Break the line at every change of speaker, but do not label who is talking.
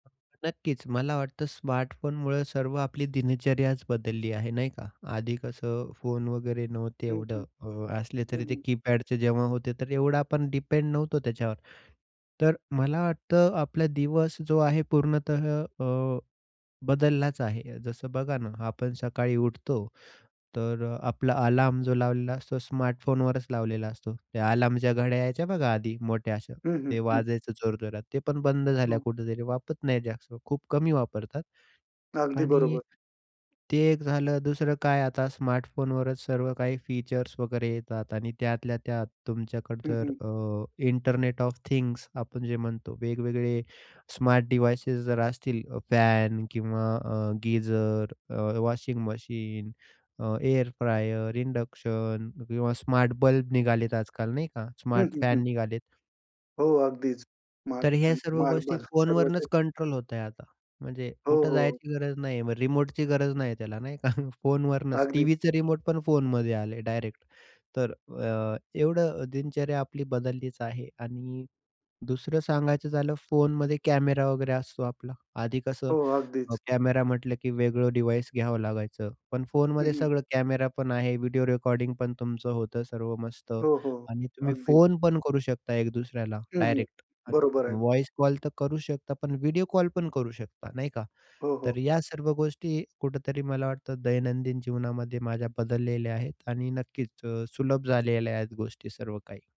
नक्कीच, मला वाटतं स्मार्टफोनमुळं सर्व आपली दिनचर्याच बदलली आहे, नाही का? आधी कसं फोन वगैरे नव्हते
हं, हं.
एवढं. अ, असले
हं,
तरी ते
हं.
कीपॅडचे जेव्हा होते, तर एवढं आपण डिपेंड नव्हतो त्याच्यावर. तर मला वाटतं आपला दिवस जो आहे पूर्णतः अ, बदललाच आहे. जसं बघा ना, आपण सकाळी उठतो, तर अ, आपला अलार्म जो लावलेला असतो, स्मार्टफोनवरच लावलेला असतो. त्या अलार्मच्या घड्या यायच्या बघा आधी मोठ्या अशा,
हं, हं,
ते
हं.
वाजायचं जोरजोरात. ते पण बंद झाल्या
हो.
कुठेतरी, वापरत नाही जास्त खूप कमी वापरतात.
अगदी
आणि
बरोबर.
ते एक झालं दुसरं काय आता स्मार्टफोनवरच सर्व काही फीचर्स वगैरे येतात आणि त्यातल्या त्यात तुमच्याकड
हं,
जर
हं.
अ, इंटरनेट ऑफ थिंग्स आपण जे म्हणतो वेगवेगळे स्मार्ट डिवाइसेस जर असतील अ, फॅन किंवा अ, गीझर, अ, वॉशिंग मशीन, अ, एअर फ्रायर, इंडक्शन किंवा स्मार्ट बल्ब निघालेत आजकाल, नाही का,
हं,
स्मार्ट
हं, हं.
फॅन निघालेत
हो अगदीच. स्मार्ट
तर ह्या
फॅन,
सर्व
स्मार्ट
गोष्टी
बल्ब, सर्वच
फोनवरनच
आहे.
कंट्रोल होत आहे आता. म्हणजे
हो,
कुठे
हो.
जायची गरज नाहीये. मग रिमोटची गरज नाहीये त्याला, नाही का, फोनवरनच.
अगदी.
टीव्हीचं रिमोट पण फोनमध्ये आलंय डायरेक्ट. तर अ, एवढं दिनचर्या आपली बदललीच आहे आणि दुसरं सांगायचं झालं, फोनमध्ये कॅमेरा वगैरे असतो आपला. आधी कसं
हो,
अ,
अगदीच.
कॅमेरा म्हटलं की वेगळं डिव्हाइस घ्यावं लागायचं, पण
हं,
फोनमध्ये
हं.
सगळं कॅमेरा पण आहे, व्हिडिओ रेकॉर्डिंग पण तुमचं होतं सर्व मस्त
हो, हो.
आणि तुम्ही
अगदी.
फोन पण करू शकता एक दुसऱ्याला,
हं, हं.
डायरेक्ट. अ,
बरोबर आहे.
वॉइस कॉल तर करूच शकता पण व्हिडिओ कॉल पण करू शकता, नाही का?
हो,
तर
हो.
या सर्व गोष्टी कुठेतरी मला वाटतं दैनंदिन जीवनामध्ये माझ्या बदललेल्या आहेत आणि नक्कीच अ, सुलभ झालेल्या आहेत गोष्टी सर्व काही.